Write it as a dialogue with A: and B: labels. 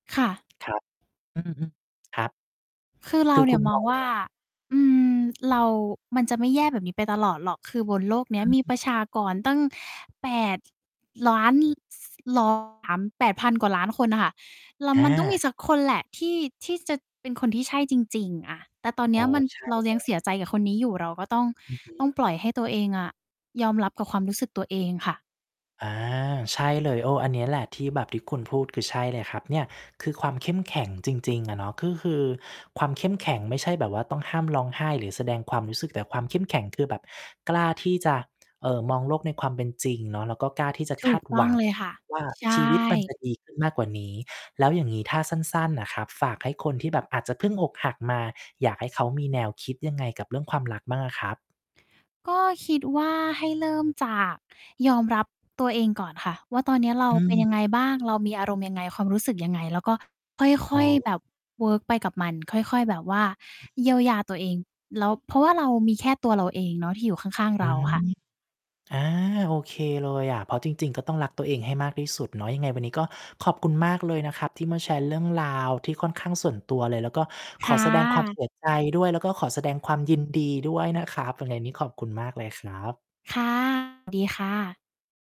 A: ค่ะ
B: ครับ อือฮึ ครับ
A: คือเร
B: ค
A: า
B: ือ
A: เน
B: ค
A: ี่
B: ุ
A: ย
B: ณ
A: ม
B: ม
A: อง
B: อง
A: ว
B: ว
A: ่า
B: ่า
A: อืม เรา มันจะไม่แย่แบบนี้ไปตลอดหรอก คือบนโลกเนี
B: อ
A: ้ยมีป
B: ืม
A: ระชากรตั้ง 8,000,000 ส รอ [unintelligible] 8,000 กว่าล้านคนอะค่ะ แล้ว
B: อ
A: มันต้องมี
B: า
A: สักคนแหละ ที่ ที่จะเป็นคนที่ใช่จริง ๆ อะ แต่ตอนเน
B: อ
A: ี้
B: ๋
A: ย
B: อ
A: มัน
B: ใช่
A: เรา
B: เล
A: ยังเส
B: ย
A: ียใจกับคนนี้อยู่ เราก็ต้อง
B: อือฮ
A: ต้อง
B: ึ
A: ปล่อยให้ตัวเองอะ ยอมรับกับความรู้สึกตัวเองค่ะ
B: อา ใช่เลย เออ อันนี้แหละที่แบบ ที่คุณพูด คือใช่เลยครับ เนี่ยคือความเข้มแข็งจริง ๆ อะเนาะ ก็คือความเข้มแข็งไม่ใช่แบบว่า ต้องห้ามร้องไห้ หรือแสดงความรู้สึก แต่ความเข้มแข็งคือ แบบกล้าที่จะ เอ่อ มองโลกในความเป็นจริงเนาะ แล้วก็กล้าที่จะ
A: ถ
B: ค
A: ู
B: า
A: ก
B: ด
A: ต
B: ห
A: ้
B: ว
A: อง
B: ัง
A: เลยค่ะ
B: ว่า
A: ใช
B: ชีวิตมัน
A: ่
B: จะดีขึ้นมากกว่านี้ แล้วอย่างงี้ถ้าสั้น ๆ น่ะครับ ฝากให้คนที่แบบอาจจะเพิ่งอกหักมา อยากให้เขามีแนวคิดยังไงกับเรื่องความรักบ้างอะครับ?
A: ก็คิดว่า ให้เริ่มจากยอมรับตัวเองก่อนค่ะว่า ตอนเนี้ยเรา
B: อื
A: เป็นยั
B: ม
A: งไงบ้าง เรามีอารมณ์ยังไง ความรู้สึกยังไง แล้วก็ค
B: อ
A: ่
B: ๋
A: อ
B: อ
A: ย ๆ แบบเวิร์กไปกับมัน ค่อย ๆ แบบว่าเยียวยาตัวเอง แล้ว เพราะว่าเรามีแค่ตัวเราเองเนาะ ที่อยู่ข้าง ๆ
B: อื
A: เรา
B: ม
A: ค่ะ
B: อา โอเคเลยอะ เพราะจริง ๆ ก็ต้องรักตัวเองให้มากที่สุดเนาะ ยังไงวันนี้ก็ขอบคุณมากเลยนะครับ ที่มาแชร์เรื่องราวที่ค่อนข้างส่วนตัวเลย แล้วก็ข
A: ค
B: อ
A: ่ะ
B: แสดงความ เสียใจ ด้วย แล้วก็ขอแสดงความยินดีด้วย นะครับ ยังไงนี้ขอบคุณมากเลยครับ
A: ค่ะ ดีค่ะ